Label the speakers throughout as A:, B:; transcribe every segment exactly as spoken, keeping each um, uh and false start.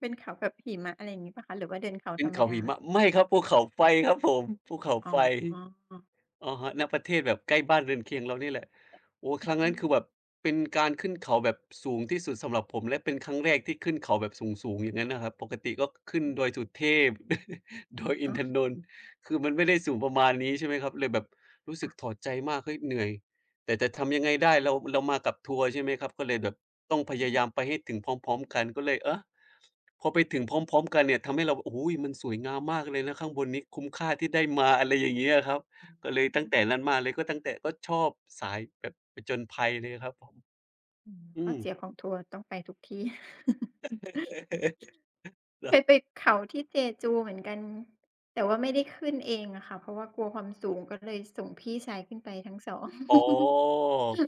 A: เป็นเขาแบบหิมะ อะไรอย่างงี้เปล่าคะ? หรือว่าเดินเขา
B: เป็
A: ธร
B: น
A: รม
B: เขา
A: ดา
B: หิมะ ไม่ครับ ภูเขาไฟครับผม ภูเขา
A: อ๋
B: ไฟ
A: อ
B: อะฮะ ณ ประเทศแบบใกล้บ้านเรือนเคียงเรานี่แหละ โอ้
A: อ
B: ครั้งนั้น คือแบบ
A: า
B: เป็นการขึ้นเขาแบบสูงที่สุดสำหรับผมและเป็นครั้งแรกที่ขึ้นเขาแบบสูง ๆ อย่างงั้นนะครับ ปกติก็ขึ้น
A: อ
B: ด
A: ืม
B: อยสุเทพ ดอยอิ
A: อ๋
B: นท
A: อ
B: นนท์ คือมันไม่ได้สูงประมาณนี้ ใช่ไหมครับ เลยแบบรู้
A: ค
B: สึ
A: ่
B: ก
A: ะ
B: ถอดใจมาก "เฮ้ย เหนื่อย แต่จะทำยังไงได้" เรา เรามากับทัวร์ ใช่ไหมครับ ก็เลยแบบต้องพยายามไปให้ถึงพร้อม ๆ กัน ก็เลย อ๊ะ พอไปถึงพร้อม ๆ กันเนี่ยทำให้เรา โอ้โฮ! มันสวยงามมากเลยนะข้างบนนี้คุ้มค่าที่ได้มา อะไรอย่างเงี้ยครับ ก็เลยตั
A: อ
B: ้
A: ื
B: งแต่
A: ม
B: นั้นมาเลย ก็ตั้งแต่ ก็ชอบสายแบบผจญภัยเลยอะครับผม
A: อืม
B: อ
A: ข
B: ื
A: ้อ
B: ม
A: เสียของทัวร์ต้องไปทุกที่
B: คร
A: เค
B: ับ
A: ยไปเขาที่ Jeju เหมือนกัน แต่ว่าไม่ได้ขึ้นเองอะค่ะ เพราะว่ากลัวความสู
B: ครับ
A: งก็เลยส่งพี่ชายขึ้นไปทั้ง สอง
B: อ๋อ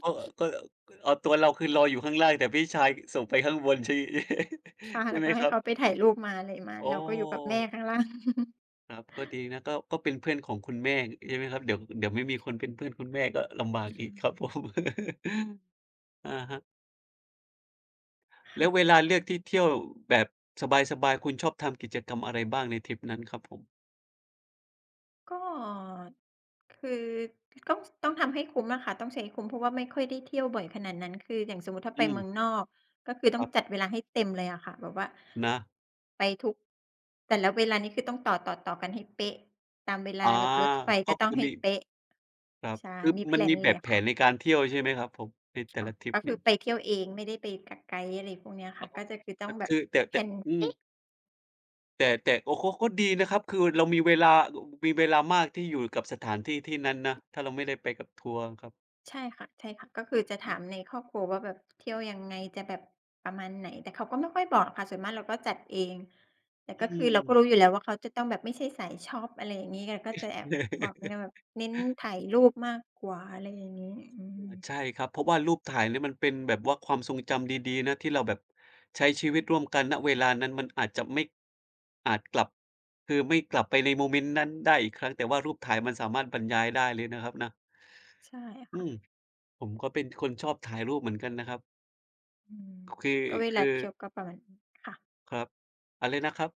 B: ก็ ก็ ก เอาตัวเรา คือรออยู่ข้างล่าง แต่พี่ชายส่งไปข้างบนใช่
A: ค่ะ
B: ใช
A: แ
B: ่
A: ล้ว
B: ไห
A: ก
B: ม
A: ็ให
B: ค
A: ้
B: รั
A: เข
B: บ?
A: าไปถ่ายรูปมาอะไรมา
B: โอ
A: เราก็อยู่กับแม่
B: ้
A: ข้างล่าง
B: ครับ ก็ดีนะ ก็ ก็เป็นเพื่อนของคุณแม่ ใช่ไหมครับ เดี๋ยว เดี๋ยวไม่มีคนเป็นเพื่อนคุณแม่ก็ลำบากอีกครับผม อะฮะ
A: ค
B: แล้
A: ่
B: ว
A: ะ
B: เวลาเลือกที่เที่ยวแบบสบาย ๆ คุณชอบทำกิจกรรมอะไรบ้างในทริปนั้นครับผม?
A: ก็คือต้อง ต้องทำให้คุ้มอะค่ะ ต้องใช้ให้คุ้ม เพราะว่าไม่ค่อยได้เที่ยวบ่อยขนาดนั้น คืออย่างสมมติถ้า
B: อื
A: ไปเม
B: ม
A: ืองนอก ก็คือต้
B: ค
A: อง
B: รับ
A: จัดเวลาให้เต็มเลยอะค่ะ แบบว่า
B: นะ
A: ไปทุก แต่ละเวลานี้คือต้องต่อ ๆ ต่อกันให้เป๊ะ ตามเวล
B: อา
A: าแบบรถไฟ
B: ก
A: ก็
B: ็
A: ต
B: ค
A: ้อ
B: ื
A: ง
B: อ
A: ให้
B: มี
A: เป๊ะ
B: ครับ
A: ใช่
B: คือ
A: มีแพ
B: มั
A: ล
B: นม
A: น
B: ีแ
A: เ
B: บ
A: ลย
B: บ
A: อะ
B: แผ
A: ค่ะ
B: นในการเที่ยวใช่ไหมครับผม? ในแต
A: ค
B: ่
A: ่ะ
B: ละทริ
A: ก
B: ป
A: ็ค
B: เน
A: ื
B: ี่
A: อ
B: ย
A: ไปเที่ยวเอง ไม่ได้ไปกับไกด์ อะไรพวกเนี้ยค
B: อ
A: ่
B: ๋
A: ะ
B: อ
A: ก็จะ คือต้
B: ค
A: องแบ
B: ค
A: บ
B: ือแต่
A: แ
B: แ
A: พ
B: ต
A: ล
B: ่
A: น
B: อื
A: เอ๊
B: ม
A: ะ
B: แต่ แต่ก็ เขาก็ดีนะครับ คือเรามีเวลา มีเวลามากที่อยู่กับสถานที่ที่นั้นนะ ถ้าเราไม่ได้ไปกับทัวร์ครับ
A: ใช่ค่ะ ใช่ค่ะ ก็คือจะถามในครอบครัวว่าแบบเที่ยวยังไง จะแบบประมาณไหน แต่เขาก็ไม่ค่อยบอกค่ะ ส่วนมากเราก็จัดเอง แต่
B: อ
A: ก
B: ื
A: ็คือเราก
B: ม
A: ็รู้อยู่แล้วว่า เขาจะต้องแบบไม่ใช่สายช็อป อะไรอย่างงี้ ก็จะแอบ บอกแนวแบบเน้นถ่ายรูปมากกว่า อะไรอย่างงี้ อื
B: เออ
A: ม
B: ใช่ครับ เพราะว่ารูปถ่ายเนี่ยมันเป็นแบบว่าความทรงจำดี ๆ นะ ที่เราแบบใช้ชีวิตร่วมกัน ณ เวลานั้นมันอาจจะไม่ อาจกลับ คือไม่กลับไปในโมเมนต์นั้นได้อีกครั้ง แต่ว่ารูปถ่ายมันสามารถบรรยายได้เลยนะครับนะ
A: ใช่ค
B: อื
A: ่ะ
B: ม ผมก็เป็นคนชอบถ่ายรูปเหมือนกันนะครับ
A: อืม
B: คือ
A: ก็เว
B: ค
A: ลา
B: ือ
A: เที่ยวก็ประมาณนี้ค่ะ
B: ครับ อะไรนะครับ?